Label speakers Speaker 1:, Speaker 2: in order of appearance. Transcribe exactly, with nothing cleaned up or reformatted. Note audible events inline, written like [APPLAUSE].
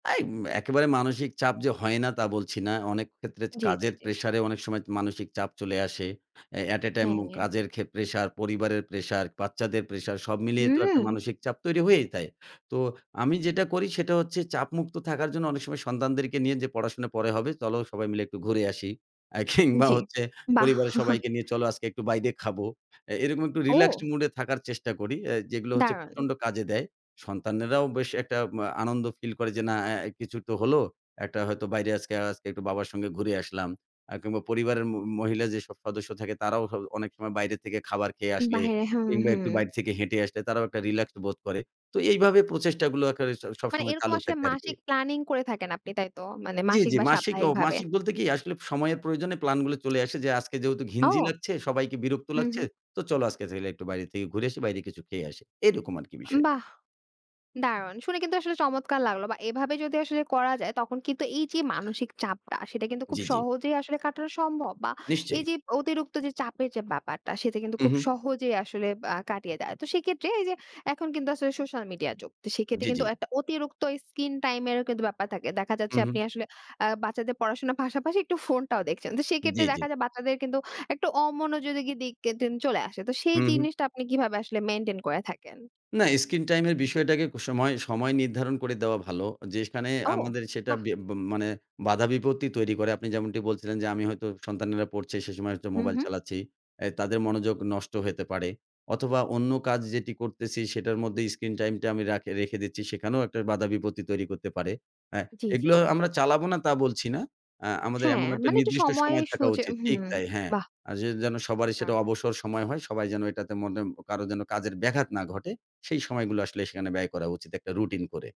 Speaker 1: তাইম একেবারে মানসিক চাপ যে হয় না তা বলছি না। অনেক ক্ষেত্রে চে
Speaker 2: জি, জি,
Speaker 1: কাজের
Speaker 2: জি।
Speaker 1: প্রেশার এ অনেক সময় তো মানসিক চাপ চলে আসে। অ্যা at a time উম
Speaker 2: হ্যাঁ।
Speaker 1: কাজের খে প্রেশার, পরিবারের প্রেশার, বাচ্চাদের প্রেশার সব মিলিয়ে তো একটা
Speaker 2: হুম।
Speaker 1: মানসিক চাপ তৈরি হয়েই যায়। তো আমি যেটা করি সেটা হচ্ছে চাপমুক্ত থাকার জন্য অনেক সময় সন্তানদেরকে নিয়ে যে পড়াশোনা পরে হবে। চলো সবাই মিলে একটু ঘুরে আসি। অ্যা কিংবা
Speaker 2: জি,
Speaker 1: হচ্ছে
Speaker 2: বাহ!
Speaker 1: পরিবারের
Speaker 2: [CHUCKLES]
Speaker 1: সবাইকে নিয়ে চলো আজকে একটু বাইরে খাব। অ্যা এরকম একটু রিল্যাক্সড
Speaker 2: ও!
Speaker 1: মুড এ থাকার চেষ্টা করি আ যেগুলো হচ্ছে
Speaker 2: দারুণ!
Speaker 1: প্রচন্ড কাজে দেয়। সন্তানেরাও বেশ একটা ম্যা আনন্দ ফিল করে যে না আ কিছু তো হলো। একটা হয়তো বাইরে আজকে, আজকে একটু বাবার সঙ্গে ঘুরে আসলাম। আ কিংবা পরিবারের মো মহিলা যে সব সদস্য থাকে তারাও হ অনেক সময় বাইরে থেকে খাবার খেয়ে আসলে
Speaker 2: বাইিরে হুম,
Speaker 1: কিংবা একটু
Speaker 2: হুম।
Speaker 1: বাইরে থেকে হেঁটে আসলে তারাও একটা রিল্যাক্স বোধ করে। তো এইভাবে প্রচেষ্টাগুলো কে
Speaker 2: মানে
Speaker 1: স-সবসময়
Speaker 2: এরকম
Speaker 1: চালু
Speaker 2: আসলে
Speaker 1: থাকে আরকি।
Speaker 2: মাসিক প্ল্যানিং করে থাকেন আপনি তাইতো? মানে
Speaker 1: জি,
Speaker 2: মাসিক
Speaker 1: জি,
Speaker 2: বা
Speaker 1: মাসিক ও
Speaker 2: সাপ্তাহিক ভাবে?
Speaker 1: মাসিক বলতে কি আসলে সময়ের প্রয়োজনে প্ল্যান গুলো চলে আসে যে আজকে যেহেতু
Speaker 2: ও!
Speaker 1: ঘিঞ্জি লাগছে, সবাইকে বিরক্ত
Speaker 2: হুম,
Speaker 1: লাগছে।
Speaker 2: হুম।
Speaker 1: তো চলো আজকে তাইলে একটু বাইরে থেকে ঘুরে এসে বাইরে কিছু খেয়ে আসি এরকম আরকি
Speaker 2: আম
Speaker 1: বিষয়।
Speaker 2: বাহ! দারুণ শুনে কিন্তু আসলে চমৎকার লাগলো বা এভাবে যদি আসলে করা যায় তখন কিন্তু এই যে মানসিক চাপটা সেটা কিন্তু খুব
Speaker 1: জি, জি।
Speaker 2: সহজেই আসলে কাটানো সম্ভব বা এই
Speaker 1: নিশ্চয়ই।
Speaker 2: যে অতিরিক্ত যে চাপের যে ব্যাপারটা সেটা কিন্তু
Speaker 1: হুম,
Speaker 2: খুব
Speaker 1: হুম।
Speaker 2: সহজেই আসলে আ কাটিয়ে দেয়। তো কেত্রে এই যে এখন কিন্তু আসলে সোশ্যাল মিডিয়া যুগ। তো কেত্রে
Speaker 1: জি, জি।
Speaker 2: কিন্তু একটা অতিরিক্ত স্ক্রিন টাইম এরও কিন্তু ব্যাপার থাকে। দেখা যাচ্ছে
Speaker 1: হুম, হুম।
Speaker 2: আপনি আসলে আ বাচ্চাদের পড়াশোনার পাশাপাশি একটু ফোনটাও দেখছেন। তো
Speaker 1: জি,
Speaker 2: কেত্রে
Speaker 1: জি।
Speaker 2: দেখা যায় বাচ্চাদের কিন্তু একটু অমনোযোগী কি দিক কিন্তু চলে আসে। তো সেই
Speaker 1: হুম, হুম।
Speaker 2: জিনিসটা আপনি কিভাবে আসলে মেইনটেইন করে থাকেন?
Speaker 1: না স্ক্রিন টাইম এর বিষয়টাকে ক সময়, সময় নির্ধারণ করে দেওয়া ভালো। যে সেখানে
Speaker 2: ও
Speaker 1: আমাদের সেটা
Speaker 2: বাহ!
Speaker 1: বে ব মানে বাধা বিপত্তি তৈরি করে। আপনি যেমনটি বলছিলেন যে আমি হয়তো সন্তানেরা পড়ছে সে সময় হচ্ছে
Speaker 2: হুম,
Speaker 1: মোবাইল
Speaker 2: হুম।
Speaker 1: চালাচ্ছি। আ তাদের মনোযোগ নষ্ট হইতে পারে অথবা অন্য কাজ যেটি করতেছি সেটার মধ্যে স্ক্রিন টাইমটা আমি রাখি রেখে দিচ্ছি সেখানেও একটা বাধা বিপত্তি তৈরি করতে পারে। হ্যাঁ,
Speaker 2: জি, জি,
Speaker 1: এগুলো
Speaker 2: জি।
Speaker 1: আমরা চালাবো না তা বলছি না আ আমাদের
Speaker 2: হ্যাঁ,
Speaker 1: এমন একটা
Speaker 2: মানে একটু
Speaker 1: নির্দিষ্ট
Speaker 2: সময়
Speaker 1: সময় থাকা
Speaker 2: সোজা
Speaker 1: উচিত ঠিক
Speaker 2: হুম,
Speaker 1: তাই হ্যাঁ।
Speaker 2: বাহ!
Speaker 1: আ যে যেন সবারই সেটা
Speaker 2: দারুণ!
Speaker 1: অবসর সময় হয়, সবাই যেন এটাতে মটেন কারো যেন কাজের ব্যাঘাত না ঘটে সেই সময়গুলো আসলে সেখানে ব্যয় করা উচিত একটা রুটিন করে।